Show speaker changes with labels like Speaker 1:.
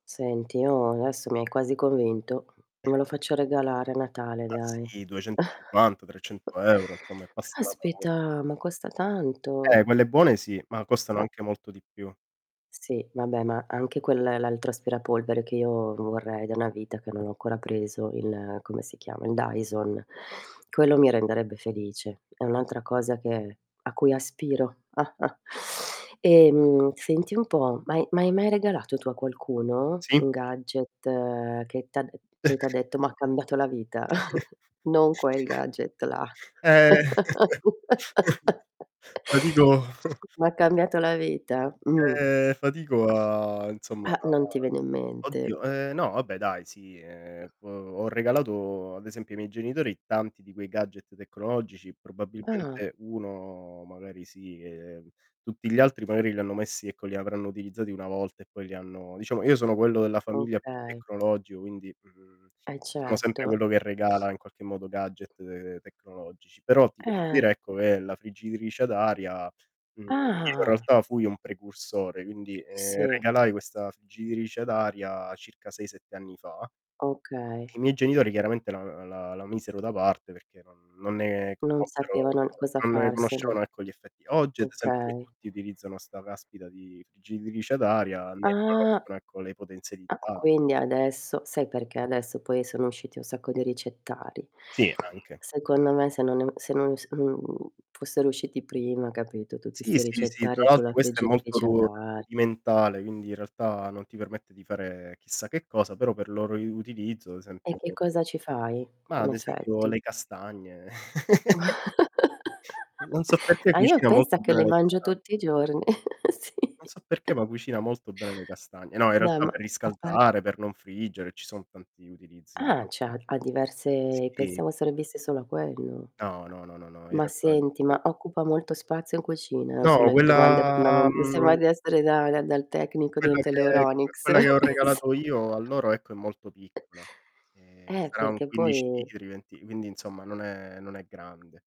Speaker 1: Senti, no, adesso mi hai quasi convinto. Me lo faccio regalare a Natale,
Speaker 2: Ma
Speaker 1: dai.
Speaker 2: sì, 250-300€ insomma e passa la paur
Speaker 1: Caspita, ma costa
Speaker 2: Eh,
Speaker 1: tanto.
Speaker 2: quelle buone sì, ma costano
Speaker 1: A
Speaker 2: anche molto di più.
Speaker 1: Sì, vabbè, ma anche quel l'altro aspirapolvere che io vorrei da una vita, che non ho ancora preso, il come si chiama? Il Dyson. Quello mi renderebbe felice. È un'altra cosa che a cui aspiro. Ehm, senti un po', ma ha ma hai mai regalato tu a qualcuno
Speaker 2: Sì.
Speaker 1: un gadget che t'ha d poi t'ha detto: "M'ha cambiato la vita." Non quel gadget là.
Speaker 2: Ehm ma dico
Speaker 1: Ma ha cambiato la vita? Mh.
Speaker 2: Ehm, fatico a insomma
Speaker 1: Eh,
Speaker 2: a
Speaker 1: non ti viene in mente.
Speaker 2: oddio, ehm, no vabbè dai, sì, ehm, ho ho regalato ad esempio ai miei genitori tanti di quei gadget tecnologici,
Speaker 1: Ah.
Speaker 2: probabilmente 1 magari sì, ehm, tutti gli altri magari li hanno messi ecco li avranno utilizzati 1 volta e poi li hanno diciamo, io sono quello della famiglia più
Speaker 1: Okay.
Speaker 2: tecnologico, quindi, mhmm,
Speaker 1: Eh
Speaker 2: sono sempre
Speaker 1: certo.
Speaker 2: quello che regala in qualche modo gadget, uhm, tecnologici. Però ti posso
Speaker 1: Eh.
Speaker 2: dire, ecco, che la friggitrice ad aria, mhmm, io in
Speaker 1: Ah.
Speaker 2: realtà fui un precursore, quindi, ehm,
Speaker 1: Sì.
Speaker 2: regalai questa friggitrice ad aria circa 6-7 anni fa,
Speaker 1: Okay.
Speaker 2: i miei genitori chiaramente la la la misero da parte perché non non ne
Speaker 1: Non
Speaker 2: conobbero
Speaker 1: sapevano n cosa
Speaker 2: non ne
Speaker 1: farsene.
Speaker 2: conoscevano ecco gli effetti. Oggi ad esempio qui
Speaker 1: Okay.
Speaker 2: tutti utilizzano 'sta caspita di friggitrice ad aria, ne
Speaker 1: Ah
Speaker 2: riconoscono ecco, le
Speaker 1: Ah, q
Speaker 2: potenzialità.
Speaker 1: quindi adesso sai perché adesso poi sono usciti un sacco di ricettari.
Speaker 2: Sì, anche.
Speaker 1: Secondo me se non è se non s se, mhmm, fossero usciti prima, capito, tutti
Speaker 2: Sì,
Speaker 1: 'sti
Speaker 2: sì, sì, tra
Speaker 1: ricettari
Speaker 2: l'altro
Speaker 1: sulla
Speaker 2: questa è molto
Speaker 1: friggitrice ad
Speaker 2: ru
Speaker 1: ar
Speaker 2: rudimentale, quindi in realtà non ti permette di fare chissà che cosa, però per loro i utilizzo, ad
Speaker 1: E
Speaker 2: esempio
Speaker 1: che cosa ci fai,
Speaker 2: ma
Speaker 1: in
Speaker 2: ad esempio
Speaker 1: effetti?
Speaker 2: le castagne. Non so perché
Speaker 1: A io
Speaker 2: cucina
Speaker 1: pensa
Speaker 2: molto
Speaker 1: che
Speaker 2: bene
Speaker 1: le
Speaker 2: le
Speaker 1: mangio
Speaker 2: casta
Speaker 1: tutti i giorn Sì.
Speaker 2: Non so perché, ma cucina molto bene le castagne. No, in
Speaker 1: Beh,
Speaker 2: realtà
Speaker 1: ma
Speaker 2: per
Speaker 1: a par
Speaker 2: riscaldare, per non friggere, ci sono tanti utilizzi
Speaker 1: Ah, cioè, ha ha diverse
Speaker 2: Sì.
Speaker 1: pensavo servisse solo a quello.
Speaker 2: No, no, no, no, no, in
Speaker 1: Ma
Speaker 2: realtà è
Speaker 1: senti,
Speaker 2: molto
Speaker 1: ma occupa molto spazio in cucina? Son
Speaker 2: No,
Speaker 1: le domande
Speaker 2: quella
Speaker 1: fondame mi sembra
Speaker 2: mhmm
Speaker 1: di essere da dal dal tecnico
Speaker 2: quello
Speaker 1: dentro
Speaker 2: che c
Speaker 1: l'Euronics.
Speaker 2: quella che ho regalato io a loro, ecco, è molto piccola. Ehm,
Speaker 1: Eh,
Speaker 2: sarà un
Speaker 1: perché
Speaker 2: 15
Speaker 1: poi
Speaker 2: litri, venti quindi, insomma, non è non è grande.